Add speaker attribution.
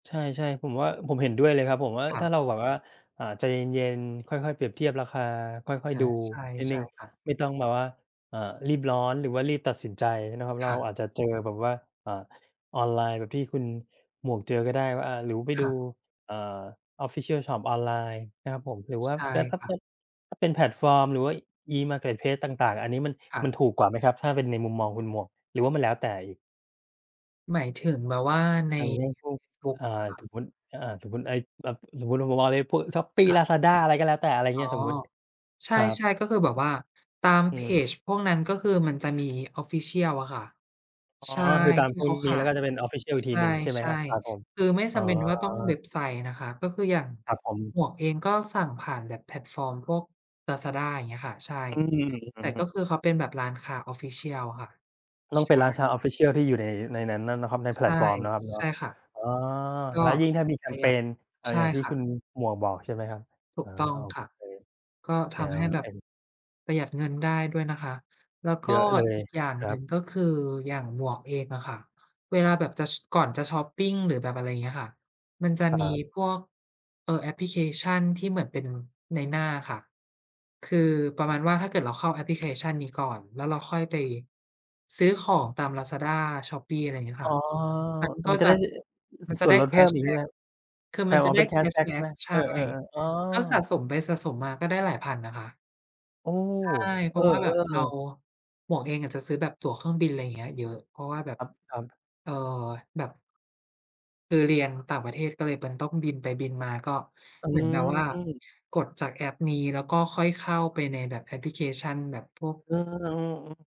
Speaker 1: ใช่ ๆ ผมว่า ผมเห็นด้วยเลยครับ ผมว่า
Speaker 2: ค่
Speaker 1: ถ้า
Speaker 2: ะ
Speaker 1: เราแบบว่า อ่า ใจเย็น ๆ ค่อย ๆ เปรียบเทียบราคา ค่อย
Speaker 2: อ
Speaker 1: ๆ
Speaker 2: า
Speaker 1: ดู
Speaker 2: ใช่
Speaker 1: นิดห
Speaker 2: ใ
Speaker 1: น
Speaker 2: ช
Speaker 1: ึ
Speaker 2: ่
Speaker 1: ่ง
Speaker 2: ค่ะ
Speaker 1: ไม่ต้องแบบว่า อ่า รีบร้อน หรือว่า รีบตัดสินใจเนาะครับเน
Speaker 2: ค
Speaker 1: าะ
Speaker 2: ่
Speaker 1: เรา
Speaker 2: ะ
Speaker 1: อาจจะเจอแบบว่า อ่า ออนไลน์แบบที่คุณหมวกเจอก็ได้ว่า อ่า หรือไป
Speaker 2: ค
Speaker 1: ดู
Speaker 2: ่ะ
Speaker 1: อ่า official ชอปออนไลน์นะครับผม หรือว่า
Speaker 2: ใช่ค่ะ
Speaker 1: ถ้าเป็นแพลตฟอร์ม หรือว่า E-Marketplace ต่าง ๆ อันนี้มัน
Speaker 2: ค่
Speaker 1: มัน
Speaker 2: ะ
Speaker 1: ถูกกว่าไหมครับ? ถ้าเป็นในมุมมองคุณหมวก หรือว่ามันแล้วแต่อีก?
Speaker 2: หมายถึงแบบว่าใน
Speaker 1: อย่างเช่นพวก
Speaker 2: ฟลุก
Speaker 1: อ่า
Speaker 2: เหรอคะ?
Speaker 1: สมมุติ อ อ่า สมมุติไอ้แบบ สมมุติมามองในพวกช้อปปี้
Speaker 2: ค่
Speaker 1: ลา
Speaker 2: ะ
Speaker 1: ซาด้า อะไรก็แล้วแต่ อะไร
Speaker 2: อ
Speaker 1: เ
Speaker 2: ๋
Speaker 1: ง
Speaker 2: อ
Speaker 1: ี้ย สมมุติ
Speaker 2: ใช
Speaker 1: ครับ
Speaker 2: ่ ๆ ก็คือแบบว่าตาม
Speaker 1: อ
Speaker 2: เพ
Speaker 1: ือ
Speaker 2: จพวกนั้น ก็คือมันจะมี official อะค่ะ
Speaker 1: อ๋อ
Speaker 2: ใช่
Speaker 1: คือตา
Speaker 2: ท
Speaker 1: ม
Speaker 2: ี่
Speaker 1: พวก
Speaker 2: เขาข
Speaker 1: นี้
Speaker 2: า
Speaker 1: แล้ว
Speaker 2: ย
Speaker 1: ก็จะเป็น official อีก
Speaker 2: ใ
Speaker 1: ทีหนึ่ง ใช่ไหม
Speaker 2: ช
Speaker 1: ค
Speaker 2: ่
Speaker 1: รับ ครับผม
Speaker 2: ๆ คือไม่
Speaker 1: อ
Speaker 2: จ
Speaker 1: ๋อ
Speaker 2: ำเป็นว่าต้องเว็บไซต์นะคะ ก็คืออย่าง
Speaker 1: ครับผม
Speaker 2: หมวกเองก็สั่งผ่านแบบแพลตฟอร์มพวกลาซาด้า อย่างเงี้ยค่ะ ใช่
Speaker 1: อืม อ
Speaker 2: แ
Speaker 1: ื
Speaker 2: ต่
Speaker 1: อฮ
Speaker 2: ก
Speaker 1: ึ
Speaker 2: ็คือเขาเป็นแบบร้านค้า official อะค่ะ
Speaker 1: ต้อง
Speaker 2: ใช
Speaker 1: เป็น
Speaker 2: ่
Speaker 1: ร้านชาว official ที่อยู่ใน ในนั้นเนาะ เนาะครับ ในแพ
Speaker 2: ใช
Speaker 1: ล
Speaker 2: ่
Speaker 1: ตฟอร์มเนาะครับเนา
Speaker 2: ใช
Speaker 1: ะ
Speaker 2: ่ค่ะ
Speaker 1: อ๋อ!
Speaker 2: ก็
Speaker 1: แล้วยิ่งถ้ามีแค
Speaker 2: ปร
Speaker 1: ม
Speaker 2: ะห
Speaker 1: เ
Speaker 2: ย
Speaker 1: พ
Speaker 2: ัด
Speaker 1: น อ่า
Speaker 2: ใช่
Speaker 1: อย่างที่
Speaker 2: ค่
Speaker 1: คุณ
Speaker 2: ะ
Speaker 1: หมวกบอก ใช่ไหมครับ
Speaker 2: ถู
Speaker 1: อา
Speaker 2: กต้อง
Speaker 1: โอ
Speaker 2: ค่
Speaker 1: เค
Speaker 2: ะ ก็
Speaker 1: แ
Speaker 2: ท
Speaker 1: น
Speaker 2: ำให
Speaker 1: ว
Speaker 2: ้ แบ
Speaker 1: เป
Speaker 2: บ
Speaker 1: ็น
Speaker 2: ประหยัดเงินได้ด้วยนะคะ แล้ว
Speaker 1: เ
Speaker 2: ก
Speaker 1: ย
Speaker 2: ็
Speaker 1: อะเลย
Speaker 2: อีกอย่าง
Speaker 1: คร
Speaker 2: ห
Speaker 1: ั
Speaker 2: นึ่
Speaker 1: บ
Speaker 2: งก็คือ อย่างหมวกเองอะค่ะ เวลาแบบจะ ช ก่อนจะชอปปิง หรือแบบอะไรเงี้ยค่ะ มันจะ
Speaker 1: ค
Speaker 2: ม
Speaker 1: ร
Speaker 2: ี
Speaker 1: ับ
Speaker 2: พวก เอ่อ แอปพลิเคชันที่เหมือนเป็นนายหน้าค่ะ คือประมาณว่าถ้าเกิดเราเข้าแอปพลิเคชันนี้ก่อน แล้วเราค่อยไปซื้อของตามลาซาด้า ช้อปปี้ อะไรเงี้ย
Speaker 1: อ
Speaker 2: ค
Speaker 1: ๋
Speaker 2: ่
Speaker 1: อ!
Speaker 2: ะ มัน
Speaker 1: อ
Speaker 2: ก็
Speaker 1: มันจะ
Speaker 2: จ
Speaker 1: ไ
Speaker 2: ะ
Speaker 1: ด้ อ
Speaker 2: มันจ
Speaker 1: ส
Speaker 2: ะ
Speaker 1: ่ว
Speaker 2: ไ
Speaker 1: น
Speaker 2: ด้
Speaker 1: ลด
Speaker 2: แค
Speaker 1: เพิ่ม
Speaker 2: ช
Speaker 1: อี
Speaker 2: แ
Speaker 1: ก
Speaker 2: บ
Speaker 1: ใช
Speaker 2: ็
Speaker 1: ่ไหม
Speaker 2: ก
Speaker 1: ครับ?
Speaker 2: คือ
Speaker 1: ไอ้
Speaker 2: มัน
Speaker 1: อ
Speaker 2: จ
Speaker 1: ๋
Speaker 2: ะ
Speaker 1: อ
Speaker 2: ได
Speaker 1: เ
Speaker 2: ้
Speaker 1: ป็น แค
Speaker 2: แค
Speaker 1: ช
Speaker 2: ช
Speaker 1: แบ็ก
Speaker 2: แบ
Speaker 1: ใ
Speaker 2: ็
Speaker 1: ช่ไ
Speaker 2: ก
Speaker 1: หม?
Speaker 2: ใช
Speaker 1: เอ
Speaker 2: ่
Speaker 1: อ ๆ ๆ อ๋อ!
Speaker 2: ก็สะสมไปสะสมมาก็ได้หลายพันนะคะ
Speaker 1: โอ้!
Speaker 2: ใช่ เ
Speaker 1: เ
Speaker 2: พ
Speaker 1: อ
Speaker 2: รา
Speaker 1: อ
Speaker 2: ะว่า แบบเรา
Speaker 1: ๆ
Speaker 2: หมวกเองอะจะซื้อแบบตั๋วเครื่องบิน ไรเงี้ย เยอะ เพราะว่าแบบ
Speaker 1: ครับ ๆ
Speaker 2: เอ่อ แบบ คือเรียนต่างประเทศ ก็เลยเป็นต้องบินไปบินมา ก็
Speaker 1: อื
Speaker 2: เหมือนแบบว่า
Speaker 1: ม
Speaker 2: กดจากแอปนี้ แล้วก็ค่อยเข้าไปในแบบแอปพลิเคชันแบบพวก
Speaker 1: เออ อืม ๆ